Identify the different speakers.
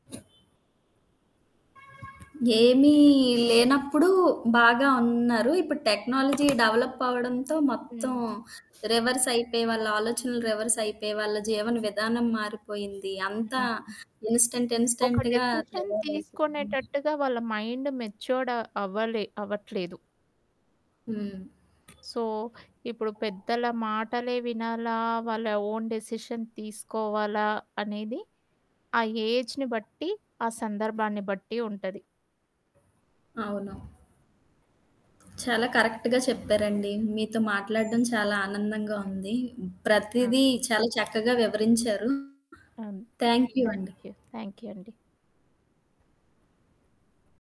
Speaker 1: ఏమీ లేనప్పుడు బాగా ఉన్నారు. ఇప్పుడు టెక్నాలజీ డెవలప్ అవ్వడంతో మొత్తం
Speaker 2: హ్మ్.
Speaker 1: రివర్స్ అయిపోయి, వాళ్ళ ఆలోచనలు రివర్స్ అయిపోయి, వాళ్ళ జీవన విధానం మారిపోయింది. అంతా
Speaker 2: హ్మ్.
Speaker 1: ఇన్‌స్టంట్,
Speaker 2: ఒక
Speaker 1: ఇన్‌స్టంట్‌గా
Speaker 2: డెసిషన్
Speaker 1: తయారైపోయింది.
Speaker 2: తీసుకొనేటట్టుగా వాళ్ళ మైండ్ మెచ్యూ‌ర్డ్ అవ్వలే అవ్వట్లేదు.
Speaker 1: హ్మ్.
Speaker 2: సో, ఇప్పుడు పెద్దల మాటలే వినాలా? వాళ్ళ ఓన్ డెసిషన్ తీసుకోవాలా? అనేది, ఆ ఏజ్‌ని బట్టి ఆ సందర్భాన్ని బట్టి ఉంటది.
Speaker 1: అవును. చాలా కరెక్ట్‌గా చెప్పారండి. మీతో మాట్లాడడం చాలా ఆనందంగా ఉంది.
Speaker 2: ఆ!
Speaker 1: ప్రతీదీ చాలా చక్కగా వివరించారు.
Speaker 2: అన్
Speaker 1: థ్యాం‌క్ యూ అండి.
Speaker 2: Thank you! Thank you! అండి.